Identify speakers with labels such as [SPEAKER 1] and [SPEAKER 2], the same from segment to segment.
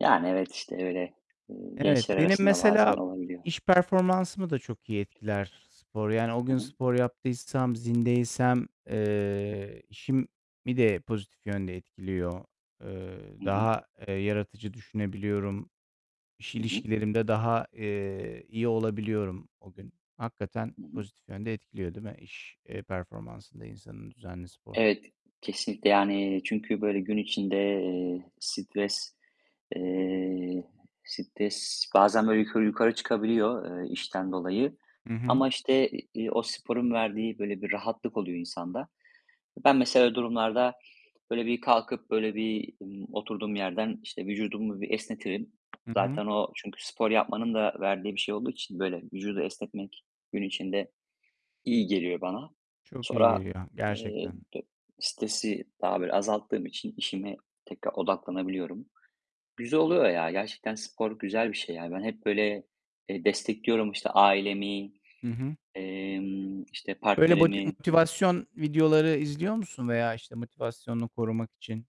[SPEAKER 1] Yani evet işte öyle, eee,
[SPEAKER 2] Evet,
[SPEAKER 1] gençler
[SPEAKER 2] benim
[SPEAKER 1] arasında bazen
[SPEAKER 2] mesela
[SPEAKER 1] olabiliyor.
[SPEAKER 2] iş performansımı da çok iyi etkiler spor. Yani o
[SPEAKER 1] Hı
[SPEAKER 2] gün
[SPEAKER 1] hı.
[SPEAKER 2] spor yaptıysam, zindeysem, eee, işimi de pozitif yönde etkiliyor. Eee,
[SPEAKER 1] Hı hı.
[SPEAKER 2] daha, eee, yaratıcı düşünebiliyorum. İş
[SPEAKER 1] Hı hı.
[SPEAKER 2] ilişkilerimde daha, eee, iyi olabiliyorum o gün. Hakikaten
[SPEAKER 1] Hı hı.
[SPEAKER 2] pozitif yönde etkiliyor değil mi iş, eee, performansını da insanın düzenli spor.
[SPEAKER 1] Evet, kesinlikle. Yani, çünkü böyle gün içinde, eee, stres, eee, stres bazen böyle yukarı yukarı çıkabiliyor, eee, işten dolayı.
[SPEAKER 2] Hı hı.
[SPEAKER 1] Ama işte, iii, eee, o sporun verdiği böyle bir rahatlık oluyor insanda. Ben mesela öyle durumlarda böyle bir kalkıp, böyle bir, eee, oturduğum yerden, işte, vücudumu bir esnetirim.
[SPEAKER 2] Hı hı.
[SPEAKER 1] Zaten o çünkü spor yapmanın da verdiği bir şey olduğu için böyle vücudu esnetmek gün içinde iyi geliyor bana.
[SPEAKER 2] Çok iyi
[SPEAKER 1] Sonra,
[SPEAKER 2] geliyor
[SPEAKER 1] eee,
[SPEAKER 2] gerçekten.
[SPEAKER 1] d stresi daha böyle azalttığım için işime tekrar odaklanabiliyorum. Güzel oluyor ya. Gerçekten spor güzel bir şey ya. Ben hep böyle, eee, destekliyorum işte ailemi,
[SPEAKER 2] Hı hı.
[SPEAKER 1] emm, işte
[SPEAKER 2] Böyle boti
[SPEAKER 1] partnerimi.
[SPEAKER 2] motivasyon videoları izliyor musun veya işte motivasyonunu korumak için,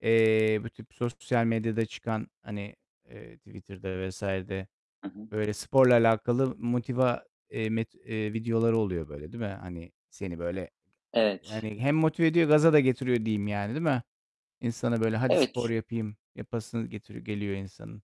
[SPEAKER 2] eee, bu tip sosyal medyada çıkan, hani, eee, Twitter'da vs. de
[SPEAKER 1] Hı hı.
[SPEAKER 2] böyle sporla alakalı motiva eee, met eee, videoları oluyor böyle değil mi? Hani seni böyle
[SPEAKER 1] Evet.
[SPEAKER 2] yani hem motive ediyor gaza da getiriyor diyeyim yani, değil mi? İnsanı böyle "Hadi spor
[SPEAKER 1] Evet.
[SPEAKER 2] yapayım." yapasını getiriyor geliyor insanın.